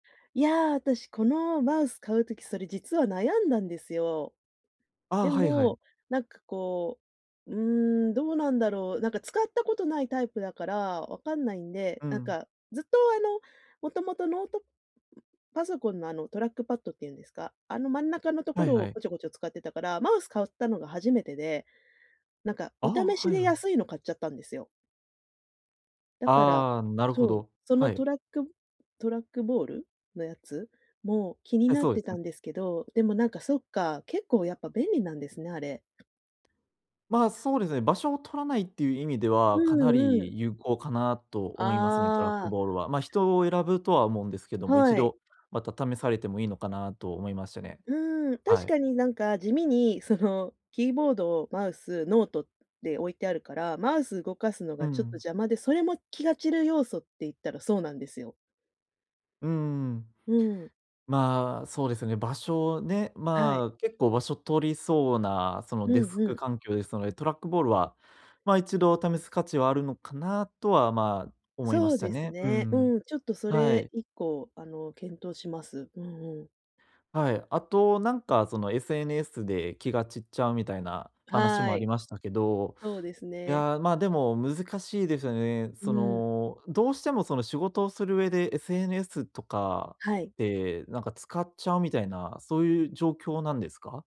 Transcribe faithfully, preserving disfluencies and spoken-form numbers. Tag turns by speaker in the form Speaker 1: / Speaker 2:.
Speaker 1: いや、私このマウス買う時、それ実は悩んだんですよ。
Speaker 2: ああ、
Speaker 1: で
Speaker 2: はいはい。
Speaker 1: も、なんかこう、うーん、どうなんだろう。なんか使ったことないタイプだから、分かんないんで、
Speaker 2: う
Speaker 1: なん
Speaker 2: ん。
Speaker 1: かずっと、あの、もともとノートパソコンのあの、トラックパットって言うんですか、あの、真ん中のと
Speaker 2: は
Speaker 1: こ
Speaker 2: い
Speaker 1: ろ
Speaker 2: は
Speaker 1: を
Speaker 2: い。
Speaker 1: こちょこちょ使ってたから、マウス買ったのが初めてでなんか、
Speaker 2: あ
Speaker 1: お
Speaker 2: あ、
Speaker 1: 試し
Speaker 2: はい
Speaker 1: で
Speaker 2: はい。
Speaker 1: 安いの買っちゃったんですよ。だから、
Speaker 2: ああ、なるほ
Speaker 1: そう、
Speaker 2: ど。
Speaker 1: その
Speaker 2: はい。
Speaker 1: トラックトラックボールのやつも気に
Speaker 2: はい、
Speaker 1: なっ
Speaker 2: そうで
Speaker 1: て
Speaker 2: す
Speaker 1: た
Speaker 2: ね。
Speaker 1: んですけど、でもなんかそっか、結構やっぱ便利なんですね、あれ。
Speaker 2: ま、そうですね、場所を取らないっていう意味で
Speaker 1: う
Speaker 2: は、かな
Speaker 1: んうん。
Speaker 2: り有効かなと思いますね、トラッ
Speaker 1: あ
Speaker 2: ク
Speaker 1: あ。
Speaker 2: ボールは、ま、人を選ぶとは思うんですけども、い
Speaker 1: は
Speaker 2: ち
Speaker 1: い。
Speaker 2: どまた試されてもいいのかなと思いましたね。
Speaker 1: うん。
Speaker 2: は
Speaker 1: 確
Speaker 2: い。
Speaker 1: かになんか地味にそのキーボード、マウス、ノートで置いてあるから、マウスを動かすの
Speaker 2: う
Speaker 1: がちょっと
Speaker 2: ん。
Speaker 1: 邪魔で、それも気が散る要素って言ったらそうなんですよ。
Speaker 2: うーん。
Speaker 1: うん。
Speaker 2: まあ、そうですよね、場所ね、
Speaker 1: はい。
Speaker 2: まあ、結構場所取りそうな、その
Speaker 1: う
Speaker 2: デス
Speaker 1: んう
Speaker 2: ク
Speaker 1: ん。
Speaker 2: 環境ですので、トラックボールは、ま、いちど試す価値はあるのかなとはま、思いま
Speaker 1: そう
Speaker 2: した
Speaker 1: です
Speaker 2: ね。う
Speaker 1: ね、
Speaker 2: ん。
Speaker 1: うん、ちょっとそ
Speaker 2: は
Speaker 1: れ
Speaker 2: い。
Speaker 1: いっこあの、検討します。うんうん。
Speaker 2: はい。あとなんか、その SNS で気が散っちゃうみたいな話も
Speaker 1: は
Speaker 2: あり
Speaker 1: い。
Speaker 2: ましたけど、
Speaker 1: そうです
Speaker 2: い
Speaker 1: ね。
Speaker 2: や、ま、でも難しいですよね。
Speaker 1: う
Speaker 2: そ
Speaker 1: ん。
Speaker 2: の、どうしてもその仕事をする上で SNS とか
Speaker 1: はい。
Speaker 2: で、なんか使っちゃうみたいな、そういう状況なんですか？